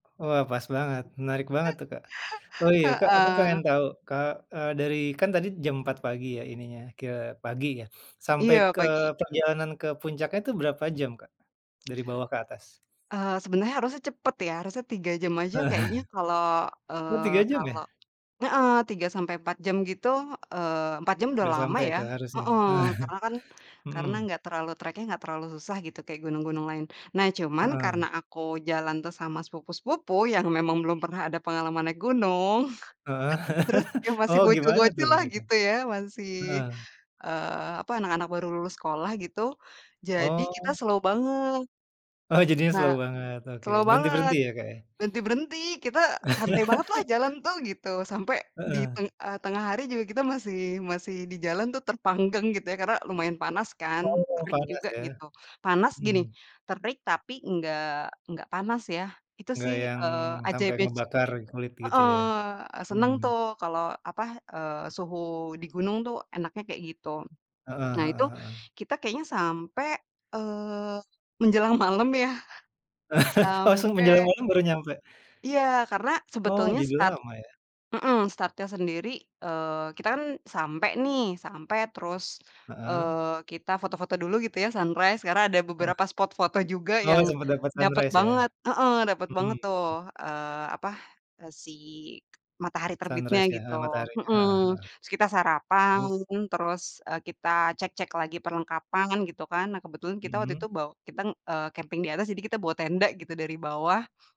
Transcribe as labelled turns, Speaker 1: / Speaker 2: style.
Speaker 1: Wah pas banget, menarik banget tuh, Kak. Oh iya Kak aku pengen
Speaker 2: Heeh.
Speaker 1: tahu, ka eee, dari kan tadi jam 4 pagi ya ininya, kira pagi ya? Sampai
Speaker 2: Iya,
Speaker 1: ke
Speaker 2: pagi.
Speaker 1: perjalanan ke puncaknya itu berapa jam, Kak? Dari bawah ke atas?
Speaker 2: Eee, sebenernya harusnya cepet ya, harusnya 3 jam aja
Speaker 1: Heeh.
Speaker 2: kayaknya kalau
Speaker 1: Oh
Speaker 2: eee,
Speaker 1: 3 jam ya?
Speaker 2: kalau heeh, 3 sampai 4 jam gitu eee, 4 jam udah
Speaker 1: Udah
Speaker 2: lama
Speaker 1: sampai
Speaker 2: ya,
Speaker 1: tuh harusnya?
Speaker 2: heeh, karena kan karena
Speaker 1: Mhm.
Speaker 2: gak terlalu track-nya gak terlalu susah gitu kayak gunung-gunung lain. Nah cuman
Speaker 1: Heeh.
Speaker 2: karena aku jalan tuh sama sepupu-sepupu yang memang belum pernah ada pengalaman naik gunung,
Speaker 1: Heeh,
Speaker 2: terus yang masih
Speaker 1: oh gimana tuh
Speaker 2: bocil-bocil lah
Speaker 1: mereka?
Speaker 2: gitu ya, masih,
Speaker 1: Heeh.
Speaker 2: eee, apa, anak-anak baru lulus sekolah gitu, jadi kita
Speaker 1: Oh.
Speaker 2: slow banget.
Speaker 1: Oh jadinya
Speaker 2: Na
Speaker 1: slow banget, oke.
Speaker 2: slow banget.
Speaker 1: Berhenti-berhenti ya Kak ya?
Speaker 2: Berhenti-berhenti, kita santai banget lah jalan tuh gitu, sampai di
Speaker 1: Heeh.
Speaker 2: teng eee, tengah hari juga kita masih masih di jalan tuh terpanggang gitu ya karena lumayan panas kan,
Speaker 1: Oh
Speaker 2: terik
Speaker 1: panas
Speaker 2: juga
Speaker 1: ya?
Speaker 2: gitu. Panas gini,
Speaker 1: Mhm.
Speaker 2: terik tapi nggak nggak panas ya itu
Speaker 1: Enggak
Speaker 2: sih,
Speaker 1: yang
Speaker 2: eee,
Speaker 1: sampai
Speaker 2: ajaibnya se
Speaker 1: ngebakar kulit gitu
Speaker 2: heeh,
Speaker 1: ya?
Speaker 2: seneng
Speaker 1: Mhm.
Speaker 2: tuh kalau, apa, eee, suhu di gunung tuh enaknya kayak gitu.
Speaker 1: Heeh
Speaker 2: Nah itu
Speaker 1: heeh heeh.
Speaker 2: kita kayaknya sampai, eee, menjelang malam ya
Speaker 1: Langsung menjelang
Speaker 2: sampai
Speaker 1: malam baru nyampe?
Speaker 2: Iya, karena
Speaker 1: Oh
Speaker 2: sebetulnya
Speaker 1: jadi
Speaker 2: start
Speaker 1: lama ya?
Speaker 2: mhm, startnya sendiri eee, kita kan sampai nih, sampai terus,
Speaker 1: Heeh.
Speaker 2: eee, kita foto-foto dulu gitu ya, sunrise. Karena ada
Speaker 1: Heeh.
Speaker 2: beberapa spot foto juga
Speaker 1: Oh
Speaker 2: yang
Speaker 1: sempet dapat
Speaker 2: dapet
Speaker 1: sunrise ya?
Speaker 2: banget heeh, dapet
Speaker 1: Mhm.
Speaker 2: banget tuh, eee, apa? E si matahari terbitnya
Speaker 1: Sunrise ya?
Speaker 2: gitu,
Speaker 1: Heeh, mataharinya heeh
Speaker 2: mhm.
Speaker 1: heeh.
Speaker 2: Terus kita
Speaker 1: Terus?
Speaker 2: sarapan, terus, e kita cek-cek lagi perlengkapan gitu kan. Nah kebetulan kita waktu
Speaker 1: Mhm.
Speaker 2: itu baw kita, eee, camping di atas, jadi kita bawa tenda gitu dari bawah